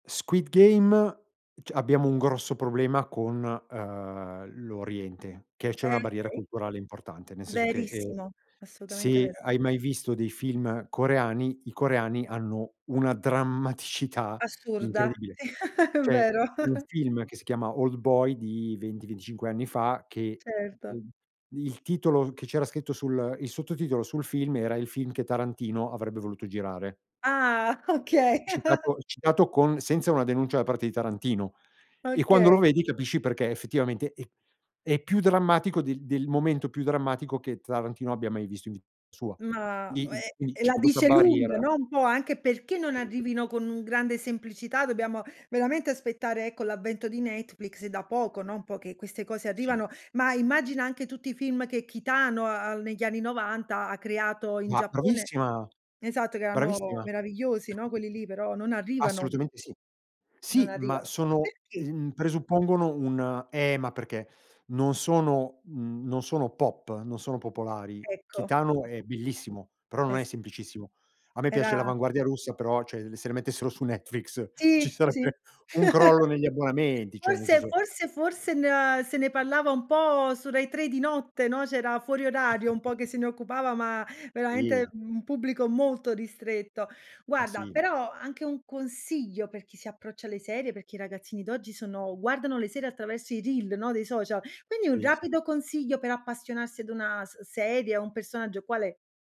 "Squid Game" c abbiamo un grosso problema con, ehm, l'Oriente, che c'è Eh una barriera okay. culturale importante, nel senso che, ehm, Verissimo, assolutamente se vero. hai mai visto dei film coreani, i coreani hanno una drammaticità Assurda, incredibile. C'è vero. un film che si chiama "Old Boy" di 20, 25 anni fa che, Certo. ehm, il titolo che c'era scritto sul il sottotitolo sul film era "il film che Tarantino avrebbe voluto girare". Ah [unintelligible] okay. citato citato con senza una denuncia da parte di Tarantino e quando lo Okay. vedi capisci perché effettivamente è è più drammatico del del momento più drammatico che Tarantino abbia mai visto in vita sua. Ma Quindi- ue quindi c'è la questa dice barriera. lunga, no, un po' anche perché non Sì. arrivino con un grande semplicità, dobbiamo veramente aspettare ecco, l'avvento di Netflix da poco, no, un po' che queste cose Sì. arrivano, ma immagina anche tutti i film che Kitano, uhm, negli anni '90 ha creato in Ma Giappone, bravissima, esatto che erano bravissima. meravigliosi, no, quelli lì, però non arrivano. Assolutamente sì. Non Sì, ma arrivano. sono, Perché? ehm, presuppongono un eh ma perché non sono, mhmm, non sono pop, non sono popolari. Ecco. Kitano è bellissimo, però non Eh è sì. semplicissimo. A me piace Era l'avanguardia russa, però cioè se mettessero su Netflix ci Sì, sì. sarebbe un crollo negli abbonamenti, cioè nel Forse, senso forse, forse, n se ne parlava un po' su Rai 3 di notte, no, c'era fuori orario, un po' che se ne occupava, ma veramente, Sì. mhmm, un pubblico molto ristretto. Ma Guarda, sì. però anche un consiglio per chi si approccia alle serie, perché i ragazzini d'oggi sono guardano le serie attraverso i reel, no, dei social, quindi un Sì, sì. rapido consiglio per appassionarsi ad una s serie, a un personaggio qual è?